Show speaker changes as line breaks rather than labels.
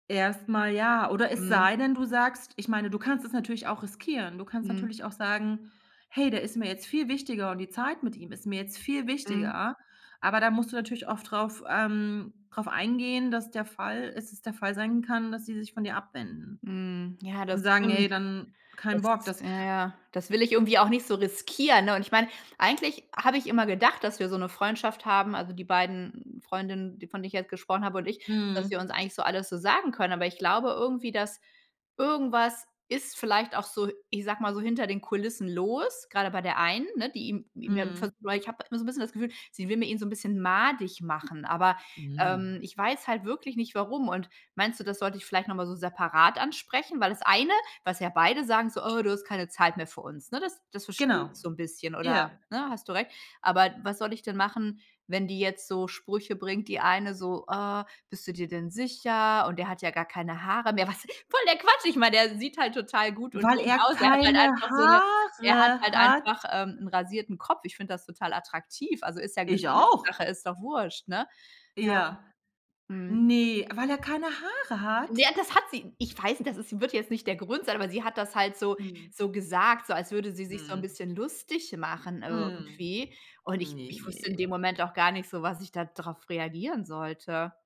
Erst mal ja, oder es
Mhm.
sei denn, du sagst ich meine, du kannst es natürlich auch riskieren, du kannst
Mhm.
natürlich auch sagen: „Hey, der ist mir jetzt viel wichtiger und die Zeit mit ihm ist mir jetzt viel
Mhm.
wichtiger.“ Aber da musst du natürlich oft drauf ähm, drauf eingehen, dass der Fall ist es der Fall sein kann, dass die sich von dir abwenden
Mhm. Ja,
und
das
sagen: „Ey,
stimmt,
dann kein Bock,
das
das“
ja, ja, das will ich irgendwie auch nicht so riskieren, ne, und ich meine, eigentlich habe ich immer gedacht, dass wir so 'ne Freundschaft haben also, die beiden Freundinnen, die von denen ich jetzt gesprochen habe, und ich, dass wir uns
Mhm.
eigentlich so alles so sagen können, aber ich glaube irgendwie, dass irgendwas ist vielleicht auch so, ich sage mal so, hinter den Kulissen los, grade bei der einen, ne, die ihm ihm, ja, ve
Mhm.
weil ich habe immer so 'n bisschen das Gefühl, sie will mir ihn so 'n bisschen madig machen, aber,
Mhm.
ähm, ich weiß halt wirklich nicht, warum und meinst du, das sollte ich vielleicht noch mal so separat ansprechen? Weil das eine, was ja beide sagen, so: „Oh, du hast keine Zeit mehr für uns“, ne, das das verstehe
Genau.
ich so 'n bisschen oder,
Ja.
ne, hast du recht, aber was soll ich denn machen, wenn die jetzt so Sprüche bringt die eine so: „Ah, bist du dir denn sicher” und „Der hat ja gar keine Haare mehr.” Was voll der Quatsch, ich meine, der sieht halt total gut und
Weil
schön
er
aus, ja. Er hat halt
keine
einfach so 'ne er hat
Haare
halt
hat?
einfach, ähm, 'n rasierten Kopf. Ich find das total attraktiv, also, ist ja
Ich auch.
Geschmackssache, ist doch Wurst, ne? Ja.
Ja,
Mhm.
ne, weil er keine Haare hat?
Ja, das hat sie Ich weiß, das ist wird jetzt nicht der Grund sein, aber sie hat das halt so
Mhm.
so gesagt, so als würde sie sich so 'n
Mhm.
bisschen lustig machen
Mhm.
irgendwie, und ich
Ne.
ich wusste in dem Moment auch gar nicht so, was ich da drauf reagieren sollte.